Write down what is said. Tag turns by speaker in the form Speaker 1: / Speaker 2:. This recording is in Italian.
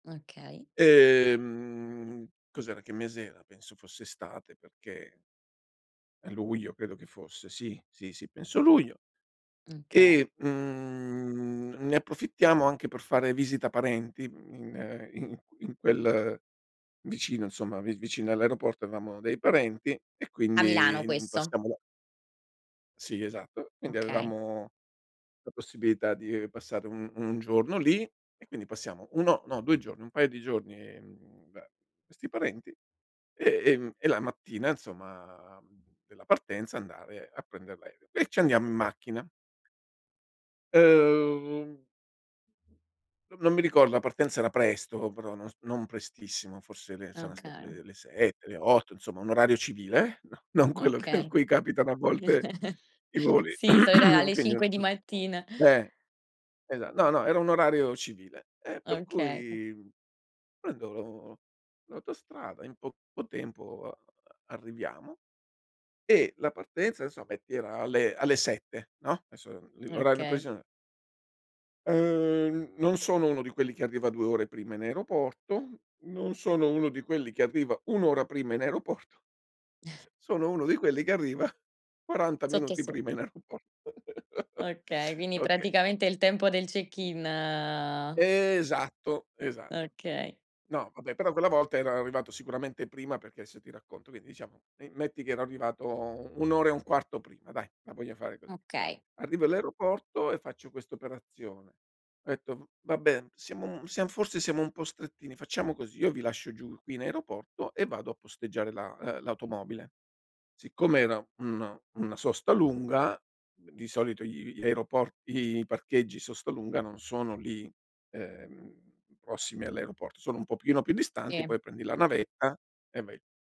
Speaker 1: Okay.
Speaker 2: E, mhmm, cos'era, che mese era, penso fosse estate perché a luglio credo che fosse. Sì, sì, sì penso a luglio
Speaker 1: Mh, okay.
Speaker 2: e, mhmm, ne approfittiamo anche per fare visita parenti, mhmm, in in in quel vicino insomma, vi vicino all'aeroporto avevamo dei parenti e
Speaker 1: A
Speaker 2: quindi,
Speaker 1: Milano
Speaker 2: mhmm,
Speaker 1: questo?
Speaker 2: passiamo Sì, esatto, quindi
Speaker 1: Okay.
Speaker 2: avevamo la possibilità di passare un 1 giorno lì, e quindi passiamo 1, no, 2 giorni, un paio di giorni, ehm, da questi parenti e ehm, e la mattina insomma della partenza andare a prender l'aereo. E ci andiamo in macchina. Uhm, N non mi ricordo, la partenza era presto però non s non prestissimo, forse le sarà stato
Speaker 1: Okay.
Speaker 2: le le 7 le 8 insomma un orario civile, no non quello che in
Speaker 1: Okay.
Speaker 2: cui capitano a volte i voli.
Speaker 1: Sì, [unintelligible] alle
Speaker 2: Quindi
Speaker 1: 5 di
Speaker 2: n
Speaker 1: mattina.
Speaker 2: eh, esa no, no, era un orario civile, e per
Speaker 1: Okay.
Speaker 2: cui prendo lo l'autostrada in poco tempo, uhm, arriviamo e la partenza insomma ti era alle alle 7 no? Esso, li l 'orario
Speaker 1: Okay.
Speaker 2: preciso Uhm, n non sono uno di quelli che arriva 2 ore prima in aeroporto, non sono uno di quelli che arriva 1 ora prima in aeroporto sono uno di quelli che arriva 40
Speaker 1: Sotto e
Speaker 2: minuti prima
Speaker 1: sott
Speaker 2: in aeroporto.
Speaker 1: Okay, quindi
Speaker 2: Okay.
Speaker 1: praticamente il tempo del check-in.
Speaker 2: Esatto, esatto.
Speaker 1: Okay.
Speaker 2: No vabbè, però quella volta ero arrivato sicuramente prima, perché adesso ti racconto. Quindi, diciamo, in metti che era arrivato u 1 ora 1/4 prima dai, la voglio fare così.
Speaker 1: Okay.
Speaker 2: Arrivo all'aeroporto e faccio questa operazione. Ho etto: "V va bene, siamo m siam forse siamo un po' strettini, facciamo così, io vi lascio giù, qui in aeroporto, e vado a posteggiare la uhm, l'automobile." Siccome era uno una sosta lunga, d di solito gl gli aeroport i parcheggi sosta lunga non sono lì, ehm, prossimi all'aeroporto, sono un pochino più distanti,
Speaker 1: Sì.
Speaker 2: poi prendi la navetta e vai.